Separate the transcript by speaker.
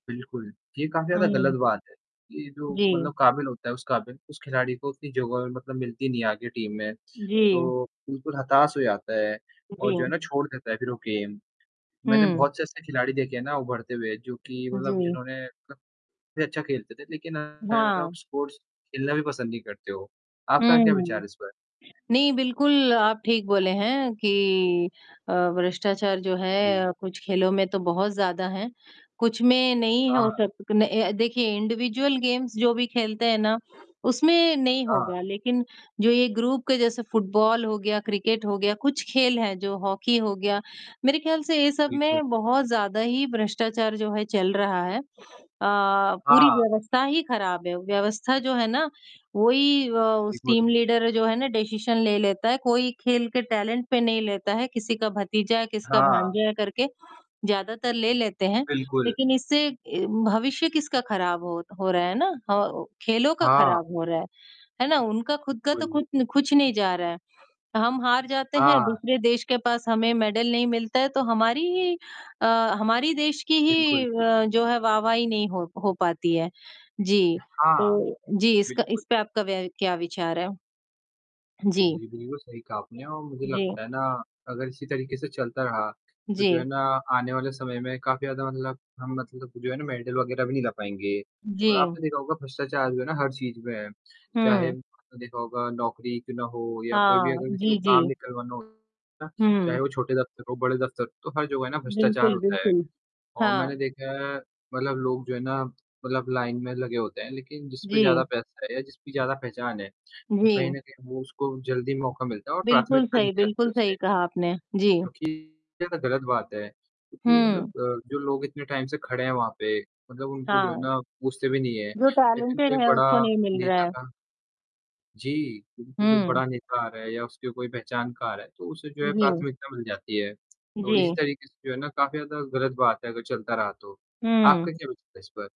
Speaker 1: बिल्कुल, ये काफ़ी ज़्यादा गलत
Speaker 2: हुँ।
Speaker 1: बात है। ये जो
Speaker 2: जी।
Speaker 1: मतलब काबिल होता है, उस काबिल उस खिलाड़ी को उतनी [unintelligible] मतलब मिलती नहीं है आगे टीम में,
Speaker 2: जी।
Speaker 1: तो बिल्कुल हताश हो जाता है
Speaker 2: उ, जी।
Speaker 1: और जो है
Speaker 2: हुँ।
Speaker 1: ना छोड़ देता है फिर वो गेम, मैंने
Speaker 2: हुँ।
Speaker 1: बहुत से ऐसे खिलाड़ी देखे हैं ना उभरते हुए जो कि मतलब
Speaker 2: जी।
Speaker 1: जिन्होंने भी अच्छा खेलते थे, लेकिन मतलब
Speaker 2: हाँ।
Speaker 1: स्पोर्ट्स खेलना भी पसंद नहीं करते हो। आपका क्या विचार
Speaker 2: हुँ,
Speaker 1: है इस पर?
Speaker 2: नहीं बिल्कुल आप ठीक बोले हैं कि अ, भ्रष्टाचार जो
Speaker 1: जी।
Speaker 2: है कुछ खेलों में तो बहुत ज़्यादा है, कुछ में नहीं हो
Speaker 1: हाँ।
Speaker 2: सक अ अ, देखिए इंडिविडुअल गेम्स जो भी खेलते हैं ना, उसमें नहीं
Speaker 1: हाँ।
Speaker 2: होगा लेकिन जो ये ग्रुप के जैसे फुटबॉल हो गया, क्रिकेट हो गया, कुछ खेल हैं जो हॉकी हो गया मेरे ख़्याल से ये सब
Speaker 1: बिल्कुल।
Speaker 2: में बहुत ज़्यादा ही भ्रष्टाचार जो है चल रहा है अ, पूरी
Speaker 1: हाँ।
Speaker 2: व्यवस्था ही ख़राब है व्यवस्था जो है ना, वही अ, उस
Speaker 1: एक बार
Speaker 2: टीम लीडर जो है ना डिसीजन ले लेता है कोई खेल के टैलेंट पे नहीं लेता है किसी का भतीजा है, किसका
Speaker 1: हाँ।
Speaker 2: भांजा है करके। ज़्यादातर ले लेते हैं
Speaker 1: बिल्कुल।
Speaker 2: लेकिन इससे अ, भविष्य किसका ख़राब हो हो रहा है ना खेलों का
Speaker 1: हाँ।
Speaker 2: ख़राब हो रहा है, है ना? उनका खुद का तो
Speaker 1: कुल
Speaker 2: खुद कुछ नहीं जा रहा है, हम हार जाते हैं
Speaker 1: हाँ।
Speaker 2: दूसरे देश के पास हमें मैडल नहीं मिलता है तो हमारी ही अ, हमारी देश की ही
Speaker 1: बिल्कुल।
Speaker 2: अ, जो है वाह-वाही नहीं हो हो पाती है। जी,
Speaker 1: हाँ,
Speaker 2: तो जी इसका
Speaker 1: बिल्कुल।
Speaker 2: इसपे आपका क्या विचार है? जी।
Speaker 1: जी, बिल्कुल सही कहा आपने और मुझे
Speaker 2: जी।
Speaker 1: लगता है ना अगर इसी तरीके से चलता रहा, तो जो है
Speaker 2: जी।
Speaker 1: ना आने वाले समय में काफ़ी ज़्यादा मतलब हम मतलब जो है ना मेडल वगैरह भी नहीं ला पाएँगे। और
Speaker 2: जी।
Speaker 1: आपने देखा होगा भ्रष्टाचार जो है ना हर चीज़ में है, चाहे
Speaker 2: हुँ।
Speaker 1: आपने देखा होगा नौकरी क्यों ना हो, या कोई भी
Speaker 2: हाँ,
Speaker 1: अगर किसी को
Speaker 2: जी,
Speaker 1: काम
Speaker 2: जी।
Speaker 1: निकलवाना हो, चाहे
Speaker 2: हुँ।
Speaker 1: वो छोटे दफ्तर हो, बड़े दफ्तर, तो हर जगह है ना भ्रष्टाचार
Speaker 2: बिल्कुल,
Speaker 1: होता है।
Speaker 2: बिल्कुल,
Speaker 1: और
Speaker 2: हाँ।
Speaker 1: मैंने देखा है मतलब लोग जो है ना मतलब लाइन में लगे होते हैं लेकिन जिस पे
Speaker 2: जी।
Speaker 1: ज़्यादा पैसा है या जिसकी ज़्यादा पहचान है, तो
Speaker 2: जी।
Speaker 1: कहीं न कहीं वो उसको जल्दी मौका मिलता है और
Speaker 2: बिल्कुल
Speaker 1: प्राथमिकता दी
Speaker 2: सही,
Speaker 1: जाती है
Speaker 2: बिल्कुल सही
Speaker 1: उससे।
Speaker 2: कहा आपने। जी।
Speaker 1: क्योंकि ये गलत बात है। क्योंकि मतलब
Speaker 2: हुँ।
Speaker 1: अ, जो लोग इतने टाइम से खड़े हैं वहाँ पे, मतलब उनको जो है
Speaker 2: हाँ।
Speaker 1: ना पूछते भी नहीं हैं।
Speaker 2: जो
Speaker 1: लेकिन कोई
Speaker 2: टैलेंटेड है
Speaker 1: बड़ा
Speaker 2: उसको नहीं मिल रहा
Speaker 1: नेता
Speaker 2: है।
Speaker 1: का जी, बिल्कुल जो
Speaker 2: हुँ।
Speaker 1: बड़ा नेता आ रहा है या उसकी कोई पहचान का आ रहा है, तो उसे जो है
Speaker 2: जी।
Speaker 1: प्राथमिकता मिल जाती है। तो इसी
Speaker 2: जी।
Speaker 1: तरीके से जो है ना काफ़ी ज़्यादा गलत बात है अगर चलता रहा तो।
Speaker 2: हुँ।
Speaker 1: आपका क्या वि है इस पर?